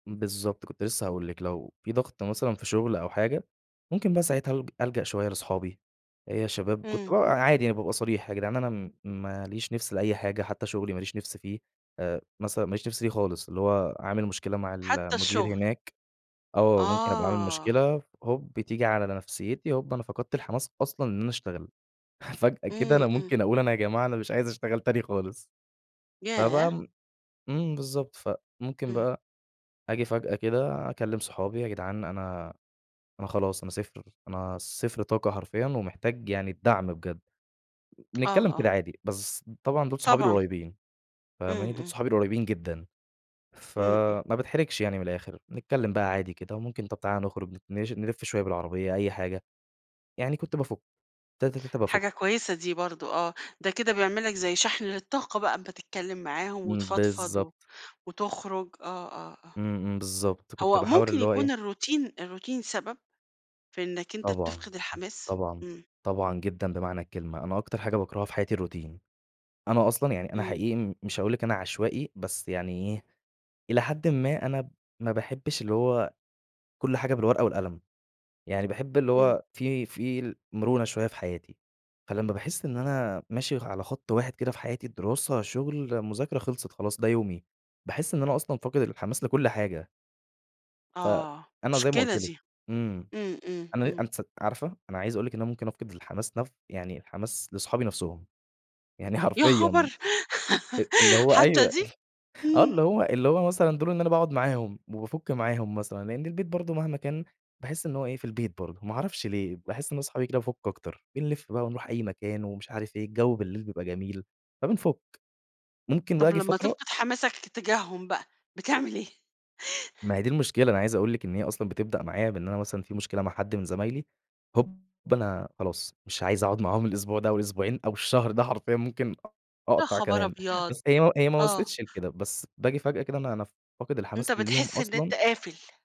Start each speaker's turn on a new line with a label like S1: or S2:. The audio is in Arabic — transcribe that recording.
S1: بالضبط، كنت لسه هاقول لكِ لو في ضغط مثلًا في شغل أو حاجة، ممكن بقى ساعتها ألـج ألجأ شوية لأصحابي. إيه يا شباب كنت ب
S2: إمم.
S1: عادي يعني بابقى صريح، يا جدعان أنا م ما ليش نفس لأي حاجة حتى شغلي ما ليش نفس فيه. آآ، مثلًا ما ليش نفس ليه خالص، اللي هو عامل مشكلة مع
S2: حتى
S1: المدير
S2: الشغل.
S1: هناك. آه، ممكن أبقى عامل
S2: آه.
S1: مشكلة، هوب تييجي على نفسيتي، هوب أنا فقدت الحماس أصلًا إن أنا اشتغل. فجأة كده
S2: إمم،
S1: أنا
S2: إمم.
S1: ممكن أقول أنا يا جماعة أنا مش عايز اشتغل تاني خالص.
S2: ياه!
S1: فبقى م إمم، بالضبط. فممكن
S2: إمم.
S1: بقى أجي فجأة كده، أكلم صحابي: "يا جدعان أنا أنا خلاص أنا 0، أنا 0 طاقة حرفيًا ومحتاج يعني الدعم بجد.
S2: آه،
S1: بنتكلم كده
S2: آه.
S1: عادي، بس طبعًا دول صحابي
S2: طبعًا.
S1: القريبين، فاهماني؟
S2: إمم،
S1: دول
S2: إمم.
S1: صحابي القريبين جدًا،
S2: إمم، إمم.
S1: فما باتحرجش يعني من الآخر، بنتكلم بقى عادي كده، وممكن طب، تعالَ نخرج، نـش نلف شوية بالعربية، أي حاجة. يعني كنت بافٌك، تاته، تاته، بافّك.
S2: حاجة كويسة دي برضه آه، ده كده بيعمل لك زي شحن للطاقة بقى، بتتكلم معاهم
S1: إمم،
S2: وتفضفض و
S1: بالضبط.
S2: وتخرج. آه، آه، آه،
S1: إمم، إمم بالضبط، كنت
S2: هو
S1: باحاول
S2: ممكن
S1: اللي هو
S2: يكون
S1: إيه
S2: الروتين الروتين سبب؟ في إنك أنت
S1: طبعًا،
S2: بتفقد الحماس؟
S1: طبعًا،
S2: إمم.
S1: طبعًا جدًا بمعنى الكلمة. أنا أكتر حاجة باكرهها في حياتي الروتين. أنا أصلًا يعني، أنا
S2: إمم.
S1: حقيقي مش هاقول لكِ أنا عشوائي بس يعني إيه، إلى حدٍ ما أنا ما باحبش اللي هو كل حاجة بالورقة والقلم. يعني باحب اللي
S2: إمم.
S1: هو في في المرونة شوية في حياتي. فلمّا باحس إن أنا ماشي على خط واحد كده في حياتي، الدراسة، شغل، مذاكرة، خلصت خلاص ده يومي. باحس إن أنا أصلًا فاقد الحماس لكل حاجة.
S2: آه،
S1: فأنا زي ما
S2: مشكلة
S1: قلت لكِ،
S2: دي.
S1: إمم،
S2: إمم، إمم،
S1: أنا
S2: إمم.
S1: أنتِ س عارفة أنا عايز أقول لِك إن ممكن أفقد الحماس نف يعني الحماس لصحابي نفسهم، يعني
S2: يا
S1: حرفيًا.
S2: خبر!
S1: أ اللي هو
S2: حتى
S1: أيوه،
S2: دي؟
S1: آه، اللي هو اللي هو مثلًا دول إن أنا باقعد معاهم وبافٌك معاهم مثلًا، لأن البيت برضه مهما كان باحس إن هو إيه، في البيت برضه. ما أعرفش ليه باحس إن أنا صحابي كده بافك أكتر. بنلف ونروح أي مكان ومش عارف إيه الجو بالليل بيبقى جميل فبنفك، ممكن بقى
S2: طب،
S1: اجي
S2: لمّا
S1: فترة
S2: تفقد حماسك تجاهم بقى بتعمل إيه؟
S1: ما هي دي المشكلة. أنا عايز أقول لكِ إن هي أصلًا بتبدأ معايّا بإن أنا مثلًا في مشكلة مع حد من زمايلي، هوب أنا خلاص مش عايز أقعد معاهم الأسبوع ده، أو الأسبوعين أو الشهر ده حرفيًا ممكن
S2: يا
S1: أقطع
S2: خبر
S1: كمان
S2: أبيض!
S1: بس هي هي ما
S2: آه.
S1: وصلتش لكده، بس باجي فجأة كده أنا أنا فاقد
S2: أنت
S1: الحماس ليهم
S2: بتحس إن أنت
S1: أصلًا
S2: قافل.